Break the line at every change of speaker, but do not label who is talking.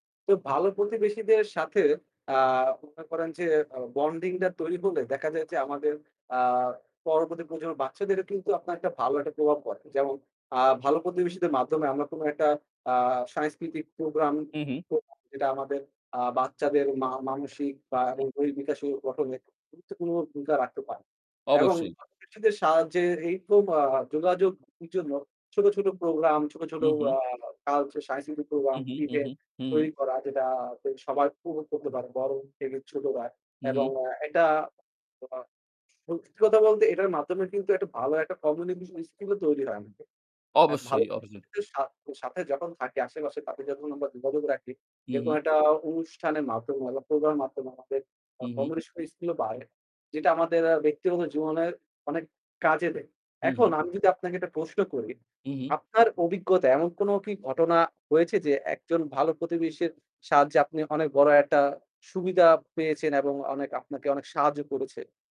তো ভালো প্রতিবেশীদের সাথে অ্যাঁ বলতে পারেন যে আ বন্ডিং টা তৈরি হলে দেখা যায় যে আমাদের অ্যাঁ পরবর্তী প্রজন্মের বাচ্চাদেরও কিন্তু আপনার একটা ভালো একটা প্রভাব পড়ে। যেমন অ্যাঁ ভালো প্রতিবেশীদের মাধ্যমে আমরা কোন একটা অ্যাঁ সাংস্কৃতিক প্রোগ্রাম
হুঁম, হুঁম।
করতে পারি। যেটা আমাদের অ্যাঁ বাচ্চাদের মা মানসিক বা এবং দৈহিক বিকাশ ও গঠনে গুরুত্বপূর্ণ ভূমিকা রাখতে পারে। এবং
অবশ্যই।
প্রতিবেশীদের সাহায্যে এই রকম অ্যাঁ যোগাযোগের জন্য ছোট, ছোট প্রোগ্রাম, ছোট, ছোট
হুঁম, হুঁম।
অ্যাঁ কালচার, সাংস্কৃতিক প্রোগ্রাম,
হুম, হুম। হুম, হুম।
ইভেন্ট
হু, হু।
তৈরি করা যেটা সবাই পুরো উপভোগ করতে পারে বড় থেকে ছোটরা
হুঁম,
এবং
হুঁম।
এটা অ্যাঁ সত্যি কথা বলতে এটার মাধ্যমে কিন্তু একটা ভালো একটা কমিউনিকেশন স্কিলও তৈরি হয় আমাদের। এ ভালো
অবশ্যই, অবশ্যই।
কিছুর সাথে যখন থাকি আশেপাশে, তাদের যখন আমরা যোগাযোগ রাখি
হুঁম,
এরকম
হুঁম।
একটা অনুষ্ঠানের মাধ্যমে বা প্রোগ্রামের মাধ্যমে আমাদের আ
হুঁম, হুঁ।
কমিউনিকেশন স্কিলও বাড়ে। যেটা আমাদের ব্যক্তিগত জীবনের অনেক কাজে দেয়।
হুঁম,
এখন
হুঁ।
আমি যদি আপনাকে একটা প্রশ্ন করি,
হুঁম, হুঁম।
আপনার অভিজ্ঞতা এমন কোন কি ঘটনা হয়েছে? যে একজন ভালো প্রতিবেশীর সাহায্যে আপনি অনেক বড় একটা সুবিধা পেয়েছেন এবং অনেক আপনাকে অনেক সাহায্য করেছে?